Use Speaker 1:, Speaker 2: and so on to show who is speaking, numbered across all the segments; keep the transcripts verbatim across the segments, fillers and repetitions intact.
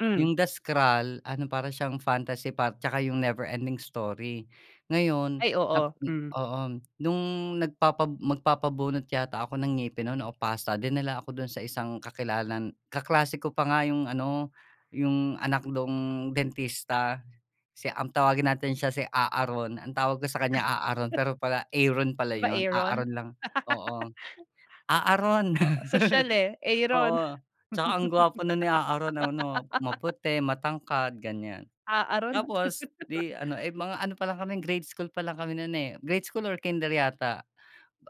Speaker 1: Hmm.
Speaker 2: Yung The Scroll, ano para siyang fantasy par tsaka yung Never Ending Story. Ngayon
Speaker 1: Ay
Speaker 2: nap
Speaker 1: oo,
Speaker 2: mm,
Speaker 1: mm.
Speaker 2: oo. Nung nagpapa magpabunot yata ako ng ngipin no'n o pasta dinala ako do'n sa isang kakilala n kaklase ko pa nga yung ano yung anak nung dentista. Si ang tawagin natin siya si A-a-ron ang tawag ko sa kaniya A-a-ron pero pala Aaron pala
Speaker 1: 'Di ba
Speaker 2: yun, A-a-ron
Speaker 1: Aron?
Speaker 2: lang, oo. "A-a-ron."
Speaker 1: Oo, sosyal eh, Aron.
Speaker 2: Oo, tsaka ang gwapo no'n ni A-a-ron, ano maputi, matangkad ganyan.
Speaker 1: A-a-ron 'no?
Speaker 2: Tapos 'di ano, eh, mga ano pa lang kami grade school pa lang kami no'n, eh, grade school or kinder yata.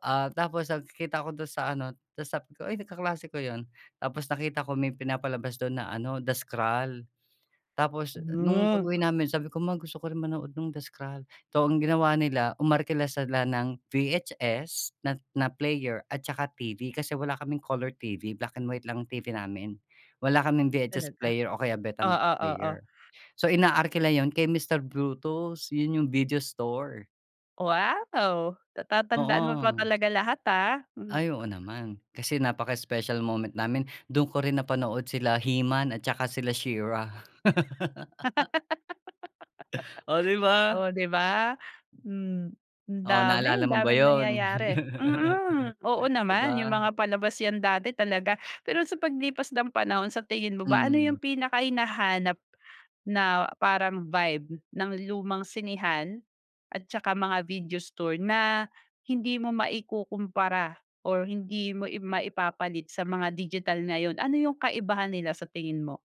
Speaker 2: Ah, tapos nagkikita ko do'n sa ano, ta's sabi ko, "Ay nag kaklase ko yun." Tapos nakita ko may pinapalabas do'n na ano The Scroll, tapos nung
Speaker 1: Hmm.
Speaker 2: pag-uwi namin sabi ko, "Ma gusto ko rin manood nung The Scroll." So, ang ginawa nila umarkila ng V-H-S na na player at saka T-V, kasi wala kaming color T-V, black and white lang ang T-V namin, wala kaming V-H-S
Speaker 1: Talaga?
Speaker 2: player o kaya Betamax
Speaker 1: Oo, oo.
Speaker 2: player. So inaarkila yun kay Mister Bruto's yun yung video store.
Speaker 1: Wow! Natatandaan mo pa
Speaker 2: Oo.
Speaker 1: talaga lahat, ah, hmm.
Speaker 2: Ay, oo naman kasi napaka-special moment namin. Do'n ko rin napanood sila He-Man at saka sila She-Ra. Oh, 'di ba?
Speaker 1: Oh, 'di ba? Hmm, ang
Speaker 2: Oh,
Speaker 1: dami
Speaker 2: naalala mo ba
Speaker 1: daming
Speaker 2: 'yun?
Speaker 1: nangyayari. Mm, oo
Speaker 2: 'Di
Speaker 1: naman, yung
Speaker 2: ba?
Speaker 1: mga palabas yan dati talaga. Pero sa paglipas ng panahon sa tingin mo ba ano yung
Speaker 2: Hmm.
Speaker 1: pinaka hinahanap na parang vibe ng lumang sinehan, at saka mga video store na hindi mo maikukumpara or hindi mo i maipapalit sa mga digital ngayon, ano yung kaibahan nila sa tingin mo?